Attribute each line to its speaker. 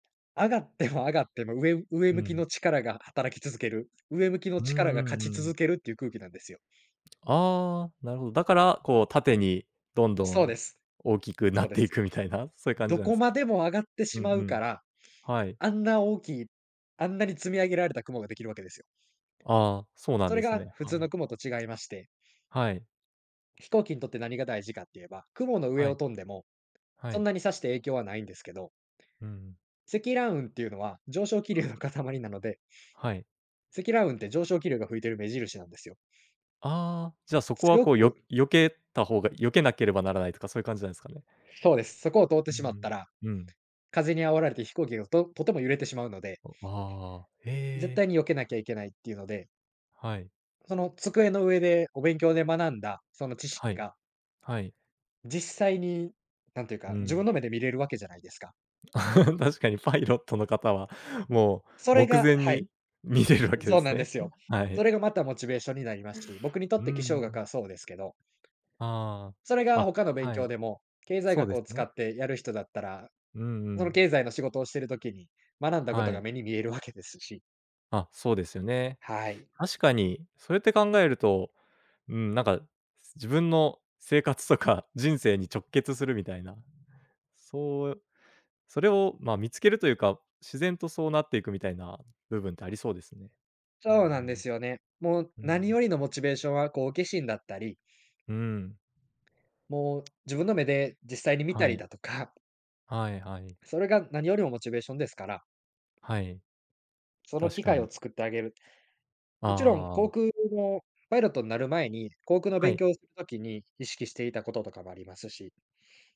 Speaker 1: 上がっても上がっても、うえうえ
Speaker 2: う
Speaker 1: 向き
Speaker 2: ん。
Speaker 1: の力が働き続ける、うえ向きの
Speaker 2: うん
Speaker 1: 力が
Speaker 2: う
Speaker 1: 勝
Speaker 2: ん
Speaker 1: ち
Speaker 2: う
Speaker 1: 続
Speaker 2: ん。
Speaker 1: けるっていう空気なんですよ。
Speaker 2: ああ、なるほど。だから、こう縦にどんど
Speaker 1: そうで
Speaker 2: ん
Speaker 1: す。
Speaker 2: 大きくな
Speaker 1: そう
Speaker 2: っ
Speaker 1: で
Speaker 2: てい
Speaker 1: す。
Speaker 2: くみたいな、そういう感じ
Speaker 1: ど
Speaker 2: なんで
Speaker 1: こ
Speaker 2: すか？
Speaker 1: までも上がって
Speaker 2: うん
Speaker 1: しま
Speaker 2: う
Speaker 1: うか
Speaker 2: ん。
Speaker 1: ら、
Speaker 2: はい。
Speaker 1: あんな大きい、あんなに積み上げられた雲ができるわけですよ。
Speaker 2: ああ、そうなん
Speaker 1: そ
Speaker 2: で
Speaker 1: れ
Speaker 2: す
Speaker 1: が
Speaker 2: ね。
Speaker 1: 普通
Speaker 2: は
Speaker 1: の
Speaker 2: い。
Speaker 1: 雲と違いまして
Speaker 2: はい。
Speaker 1: 飛行機にとって何が大事かっていえば、雲の上
Speaker 2: は
Speaker 1: を
Speaker 2: い。
Speaker 1: 飛んでも、
Speaker 2: は
Speaker 1: そん
Speaker 2: い。
Speaker 1: なにさして影響はないんですけど。
Speaker 2: うんうん。
Speaker 1: 積乱雲っていうのは、上昇気流の塊なので
Speaker 2: はい。
Speaker 1: 積乱雲って上昇気流が吹いている目印なんですよ。
Speaker 2: ああ。じゃそこは
Speaker 1: 強
Speaker 2: こう、よ
Speaker 1: く
Speaker 2: 避けたほうが避けなければならないとかそういう感じなんですかね？
Speaker 1: そうです。そこを通って
Speaker 2: う
Speaker 1: しまった
Speaker 2: ん
Speaker 1: ら、
Speaker 2: うん。うん。
Speaker 1: 風に煽られて飛行機が、ととても揺れてしまうので
Speaker 2: お、わ、
Speaker 1: 絶
Speaker 2: へえ。
Speaker 1: 対に避けなきゃいけないっていうので
Speaker 2: はい。
Speaker 1: その机の上でお勉強で学んだ、その知
Speaker 2: は
Speaker 1: 識
Speaker 2: い。
Speaker 1: が
Speaker 2: はい。
Speaker 1: 実際になんていう
Speaker 2: う
Speaker 1: か、自分
Speaker 2: ん。
Speaker 1: の目で見れるわけじゃないですか。
Speaker 2: 確かにパイロットの方は、も
Speaker 1: そ
Speaker 2: う
Speaker 1: れ
Speaker 2: 目
Speaker 1: が
Speaker 2: 前
Speaker 1: はい。
Speaker 2: に見れるわけで
Speaker 1: そう
Speaker 2: す
Speaker 1: なんで
Speaker 2: ね。
Speaker 1: すよ。
Speaker 2: は
Speaker 1: そ
Speaker 2: い。
Speaker 1: れがまたモチベーションになりますし、僕にと
Speaker 2: う
Speaker 1: っ
Speaker 2: んう
Speaker 1: て気象学
Speaker 2: ん。
Speaker 1: がそうですけど。
Speaker 2: あ
Speaker 1: それ
Speaker 2: あ。
Speaker 1: が
Speaker 2: あ、
Speaker 1: 他の勉
Speaker 2: は
Speaker 1: 強
Speaker 2: い。
Speaker 1: でも、経済
Speaker 2: そう
Speaker 1: 学
Speaker 2: で
Speaker 1: を
Speaker 2: す
Speaker 1: 使
Speaker 2: ね。
Speaker 1: ってやる人だったら、
Speaker 2: うんう
Speaker 1: その
Speaker 2: ん。
Speaker 1: 経済の仕事をしてる時に学んだこ
Speaker 2: は
Speaker 1: とが
Speaker 2: い。
Speaker 1: 目に見えるわけですし。
Speaker 2: あ、そうですよね。
Speaker 1: はい。
Speaker 2: 確かにそうやって考えると、うーん、なんか、す自分の生活とか人生に直結するみたいな。そう、それを、ま、見つけるというか、自然とそうなっていくみたいな部分ってありそうですね。うんう
Speaker 1: そうなんで
Speaker 2: ん。
Speaker 1: すよね。もう
Speaker 2: うんう
Speaker 1: 何
Speaker 2: ん。
Speaker 1: よりのモチベーションは好奇心だったり
Speaker 2: うーん。
Speaker 1: もう自分の目で実際に見た
Speaker 2: は
Speaker 1: り
Speaker 2: い。
Speaker 1: だとか
Speaker 2: はいはい。
Speaker 1: それが何よりもモチベーションですから。
Speaker 2: はい。
Speaker 1: その
Speaker 2: 確
Speaker 1: 機
Speaker 2: か
Speaker 1: 会を
Speaker 2: に。
Speaker 1: 作ってあげる。
Speaker 2: ああ
Speaker 1: もちろん、
Speaker 2: あああ
Speaker 1: 航
Speaker 2: あ。
Speaker 1: 空のパイロットんなる前に、航空の
Speaker 2: は
Speaker 1: 勉
Speaker 2: い。
Speaker 1: 強をする時に、意識していたこととかもありますし。